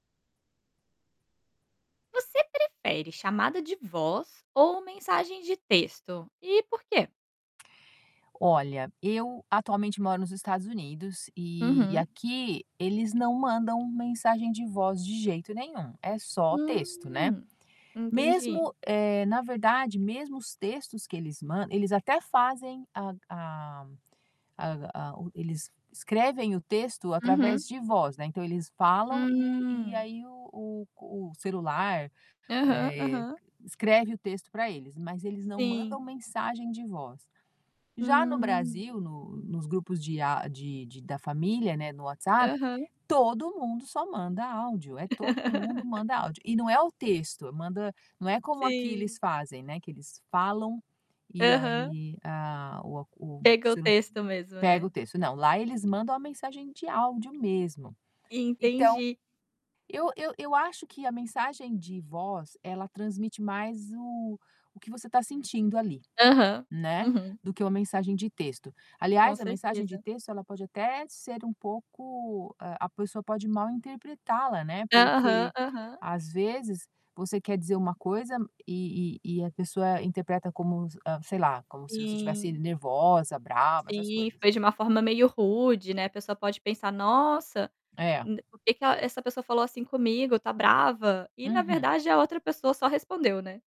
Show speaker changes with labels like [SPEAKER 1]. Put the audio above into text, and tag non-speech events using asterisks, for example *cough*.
[SPEAKER 1] Você prefere chamada de voz ou mensagem de texto? E por quê?
[SPEAKER 2] Olha, eu atualmente moro nos Estados Unidos e
[SPEAKER 1] Uhum.
[SPEAKER 2] aqui eles não mandam mensagem de voz de jeito nenhum, é só texto, né,
[SPEAKER 1] Hum, entendi.
[SPEAKER 2] mesmo, eh, na verdade, mesmo os textos que eles mand eles até fazem, a a a a eles escrevem o texto
[SPEAKER 1] Uhum.
[SPEAKER 2] através de voz, né, então, eles falam e e
[SPEAKER 1] Hum.
[SPEAKER 2] aí o o o celular,
[SPEAKER 1] Aham,
[SPEAKER 2] eh,
[SPEAKER 1] aham.
[SPEAKER 2] escreve o texto pra eles, mas eles não mandam
[SPEAKER 1] Sim.
[SPEAKER 2] mensagem de voz. Já no
[SPEAKER 1] Hum.
[SPEAKER 2] Brasil, no nos grupos de a de de da família, não é, no WhatsApp,
[SPEAKER 1] Aham.
[SPEAKER 2] todo mundo só manda áudio, é todo mundo
[SPEAKER 1] *laughs*
[SPEAKER 2] manda áudio. E não é o texto, manda não é como aqui eles
[SPEAKER 1] Sim.
[SPEAKER 2] fazem, né, que eles falam e
[SPEAKER 1] Aham.
[SPEAKER 2] aí, a o a o
[SPEAKER 1] Pega o texto mesmo,
[SPEAKER 2] pega
[SPEAKER 1] né?
[SPEAKER 2] o texto, não, lá eles mandam a mensagem de áudio mesmo. Então,
[SPEAKER 1] Entendi.
[SPEAKER 2] eu eu eu acho que a mensagem de voz ela transmite mais o o que você está sentindo ali,
[SPEAKER 1] Aham,
[SPEAKER 2] né,
[SPEAKER 1] uhum.
[SPEAKER 2] do que uma mensagem de texto.
[SPEAKER 1] Com
[SPEAKER 2] Aliás, a mensagem de
[SPEAKER 1] certeza.
[SPEAKER 2] texto ela pode até ser um pouco a pessoa pode mal interpretá-la, né.
[SPEAKER 1] Aham,
[SPEAKER 2] Porque
[SPEAKER 1] aham.
[SPEAKER 2] às vezes você quer dizer uma coisa e e e a pessoa interpreta como, sei lá, como se você estivesse
[SPEAKER 1] Sim.
[SPEAKER 2] nervosa, brava, essas
[SPEAKER 1] Sim,
[SPEAKER 2] coisas.
[SPEAKER 1] foi de uma forma meio rude, né, a pessoa pode pensar: "Nossa,
[SPEAKER 2] É.
[SPEAKER 1] d por que que essa pessoa falou assim comigo, tá brava?". E na
[SPEAKER 2] Uhum.
[SPEAKER 1] verdade a outra pessoa só respondeu, né?